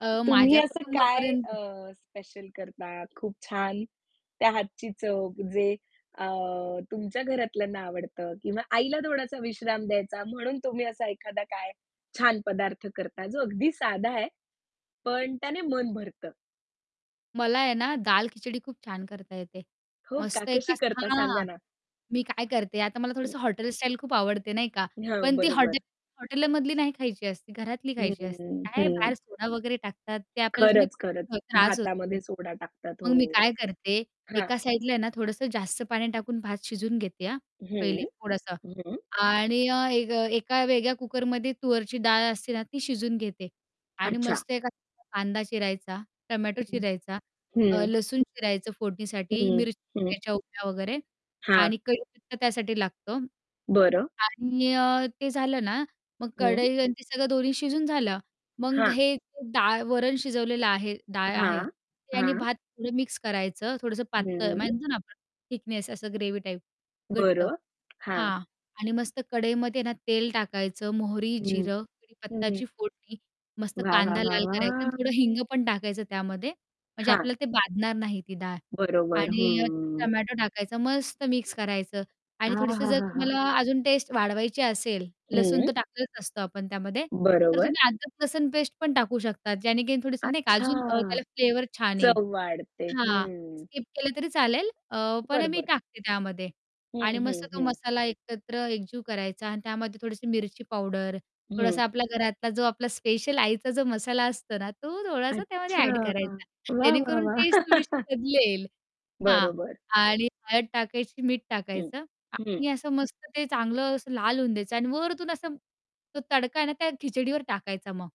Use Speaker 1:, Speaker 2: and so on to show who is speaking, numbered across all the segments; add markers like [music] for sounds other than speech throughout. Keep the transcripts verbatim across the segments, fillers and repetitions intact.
Speaker 1: अ,
Speaker 2: तुम्ही
Speaker 1: माझ्या
Speaker 2: असं काय
Speaker 1: कुटुंबापर्यंत?
Speaker 2: अ, स्पेशल करता खूप छान, त्या हातची चव जे अ, तुमच्या घरातल्यांना आवडतं किंवा आईला थोडासा विश्राम द्यायचा, म्हणून तुम्ही असा एखादा काय छान पदार्थ करता, जो अगदी साधा आहे, पण त्याने मन भरतं?
Speaker 1: मला आहे ना दाल-खिचडी खूप छान करता येते.
Speaker 2: हो का,
Speaker 1: मस्त एका
Speaker 2: कशी करता
Speaker 1: हां,
Speaker 2: सांगा ना?
Speaker 1: मी काय करते, आता मला
Speaker 2: हं.
Speaker 1: थोडंसं हॉटेल स्टाईल खूप आवडते नाही का,
Speaker 2: हां,
Speaker 1: पण ती हॉटेल
Speaker 2: बरोबर.
Speaker 1: हॉटेलमधली नाही खायची असते, घरातली
Speaker 2: हं,
Speaker 1: खायची असते.
Speaker 2: हं,
Speaker 1: ते काय
Speaker 2: हं,
Speaker 1: आहे बाहेर
Speaker 2: हं.
Speaker 1: सोडा वगैरे टाकतात, ते आपल्याला थोडा
Speaker 2: खरंच, खरंच.
Speaker 1: त्रास होतो त्याने.
Speaker 2: भातामध्ये सोडा टाकतात
Speaker 1: मग मी
Speaker 2: हो.
Speaker 1: काय करते,
Speaker 2: हां.
Speaker 1: एका साईडला ना थोडंसं जास्त पाणी टाकून भात शिजवून घेते हां,
Speaker 2: हं,
Speaker 1: पहिले थोडंसं.
Speaker 2: हं.
Speaker 1: आणि अ, एक अ, एका वेगळ्या कुकरमध्ये तूरची डाळ असते ना ती शिजवून घेते आणि
Speaker 2: अच्छा.
Speaker 1: मस्त एखादा कांदा चिरायचा, टोमॅटो
Speaker 2: हं,
Speaker 1: चिरायचा, अ,
Speaker 2: हं.
Speaker 1: लसूण चिरायचं फोडणीसाठी,
Speaker 2: हं,
Speaker 1: मिरची
Speaker 2: हं.
Speaker 1: चिरायच्या उभ्या वगैरे
Speaker 2: हां.
Speaker 1: आणि कढीपत्ता त्यासाठी लागतो
Speaker 2: बरं.
Speaker 1: आणि अ, ते झालं ना, मग
Speaker 2: हं.
Speaker 1: कढई आणि ते सगळं दोन्ही शिजून झालं, मग
Speaker 2: हां.
Speaker 1: हे डाळ, वरण शिजवलेलं आहे, डाळ आहे.
Speaker 2: हां,
Speaker 1: ते आणि
Speaker 2: हां.
Speaker 1: भात थोडं मिक्स करायचं, थोडंसं पातळ
Speaker 2: हं.
Speaker 1: म्हणतो ना आपण, थिकनेस असं ग्रेव्ही टाईप. घट्ट.
Speaker 2: बरं, हां.
Speaker 1: हां आणि मस्त कढईमध्ये ना तेल टाकायचं. मोहरी,
Speaker 2: हं,
Speaker 1: जिरं,
Speaker 2: हं.
Speaker 1: कढीपत्त्याची फोडणी मस्त,
Speaker 2: वाह! वाह!
Speaker 1: कांदा
Speaker 2: वाह!
Speaker 1: लाल करायचा आणि
Speaker 2: वाहा!
Speaker 1: थोडं हिंग पण टाकायचं त्यामध्ये, म्हणजे
Speaker 2: हां.
Speaker 1: आपलं ते बाधणार नाही ती डाळ
Speaker 2: बरोबर.
Speaker 1: आणि अ,
Speaker 2: हम्म.
Speaker 1: टोमॅटो टाकायचा. मस्त मिक्स करायचं आणि थोडीशी जर
Speaker 2: आहाहाहा!
Speaker 1: तुम्हाला अजून टेस्ट वाढवायची असेल, लसूण
Speaker 2: हं.
Speaker 1: तर टाकलेलाच असतो आपण त्यामध्ये, तर
Speaker 2: बरोबर.
Speaker 1: तुम्ही अद्रक-लसूण पेस्ट पण टाकू शकतात, ज्याने की थोडंसं म्हणजे नाही का
Speaker 2: अच्छा!
Speaker 1: अजून अ, त्याला फ्लेवर छान येईल.
Speaker 2: चव वाढते,
Speaker 1: हां,
Speaker 2: हं.
Speaker 1: स्किप केलं तरी चालेल, अ, पण अ,
Speaker 2: बरं,
Speaker 1: मी
Speaker 2: बरं.
Speaker 1: टाकते त्यामध्ये.
Speaker 2: हं,
Speaker 1: आणि मस्त
Speaker 2: हं,
Speaker 1: तो
Speaker 2: हं.
Speaker 1: मसाला एकत्र एकजीव करायचा आणि त्यामध्ये थोडीशी मिरची पावडर,
Speaker 2: हं.
Speaker 1: थोडासा आपल्या घरातला जो आपला स्पेशल आईचा जो मसाला असतो ना, तो थोडासा त्यामध्ये
Speaker 2: अच्छा!
Speaker 1: ॲड करायचा,
Speaker 2: वाह! वाह!
Speaker 1: जेणेकरून
Speaker 2: वाह!
Speaker 1: टेस्ट थोडीशी
Speaker 2: [laughs]
Speaker 1: बदलेल. हां
Speaker 2: बरोबर.
Speaker 1: आणि हळद टाकायची, मीठ
Speaker 2: हं.
Speaker 1: टाकायचं
Speaker 2: हं.
Speaker 1: आणि असं मस्त ते चांगलं असं लाल होऊन द्यायचं आणि वरून असं तो तडका आहे ना त्या खिचडीवर टाकायचा मग.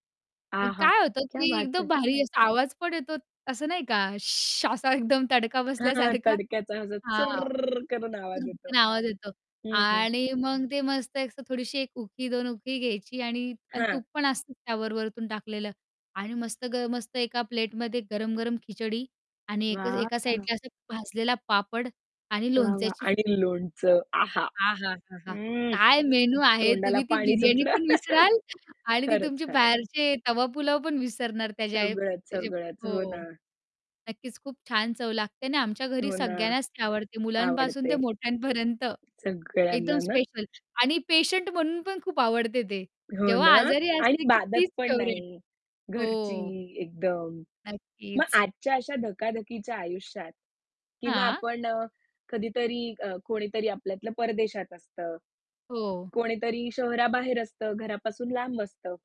Speaker 1: मग
Speaker 2: आहा!
Speaker 1: काय होतं,
Speaker 2: क्या
Speaker 1: की
Speaker 2: बात
Speaker 1: एकदम
Speaker 2: है!
Speaker 1: भारी असा आवाज पण येतो असं नाही का [shushes] असा एकदम तडका
Speaker 2: हां,
Speaker 1: बसल्यासारखा.
Speaker 2: तडक्याचा असा
Speaker 1: हां,
Speaker 2: चर्र्र्र्र्रर्रर करून आवाज येतो.
Speaker 1: चुर्र्कन आवाज येतो
Speaker 2: हं.
Speaker 1: आणि मग ते मस्त एक असं थोडीशी एक उखी, दोन उकळी घ्यायची आणि आणि
Speaker 2: हां.
Speaker 1: तूप पण असतं त्यावर वरून टाकलेलं आणि मस्त ग मस्त एका प्लेटमध्ये गरम-गरम खिचडी आणि एक अ, एका
Speaker 2: वॉव!
Speaker 1: साईडला असा भाजलेला पापड आणि
Speaker 2: वाह! वाह!
Speaker 1: लोणच्याची
Speaker 2: आणि
Speaker 1: फोड.
Speaker 2: लोणचं आहा!
Speaker 1: आहाहाहा!
Speaker 2: हं,
Speaker 1: काय मेनू आहे.
Speaker 2: तोंडाला
Speaker 1: तुम्ही ती
Speaker 2: पाणी
Speaker 1: बिर्याणी
Speaker 2: सुटलं.
Speaker 1: पण
Speaker 2: [laughs]
Speaker 1: विसराल आणि ती
Speaker 2: खरंच,
Speaker 1: तुमची
Speaker 2: खरंच.
Speaker 1: बाहेरचे तवा पुलाव पण विसरणार त्याच्या
Speaker 2: सगळंच,
Speaker 1: त्याचे
Speaker 2: सगळंच. हो
Speaker 1: हो.
Speaker 2: ना.
Speaker 1: नक्कीच खूप छान चव लागते आणि आमच्या घरी
Speaker 2: हो ना.
Speaker 1: सगळ्यांनाच ती आवडते. मुलांपासून ते
Speaker 2: आवडते.
Speaker 1: मोठ्यांपर्यंत! एकदम
Speaker 2: सगळ्यांना ना.
Speaker 1: स्पेशल आणि पेशंट म्हणून पण खूप आवडते ते.
Speaker 2: हो
Speaker 1: जेव्हा
Speaker 2: ना?
Speaker 1: आजारी
Speaker 2: आणि
Speaker 1: असते, की
Speaker 2: बाधत
Speaker 1: तीच
Speaker 2: पण
Speaker 1: फेव्हरेट.
Speaker 2: नाही. घरची
Speaker 1: हो.
Speaker 2: एकदम. मग
Speaker 1: नक्कीच.
Speaker 2: आजच्या अशा धकाधकीच्या आयुष्यात किंवा
Speaker 1: हां.
Speaker 2: आपण अ, कधीतरी अ, कोणीतरी आपल्यातलं परदेशात असतं,
Speaker 1: हो.
Speaker 2: कोणीतरी शहराबाहेर असतं, घरापासून लांब असतं.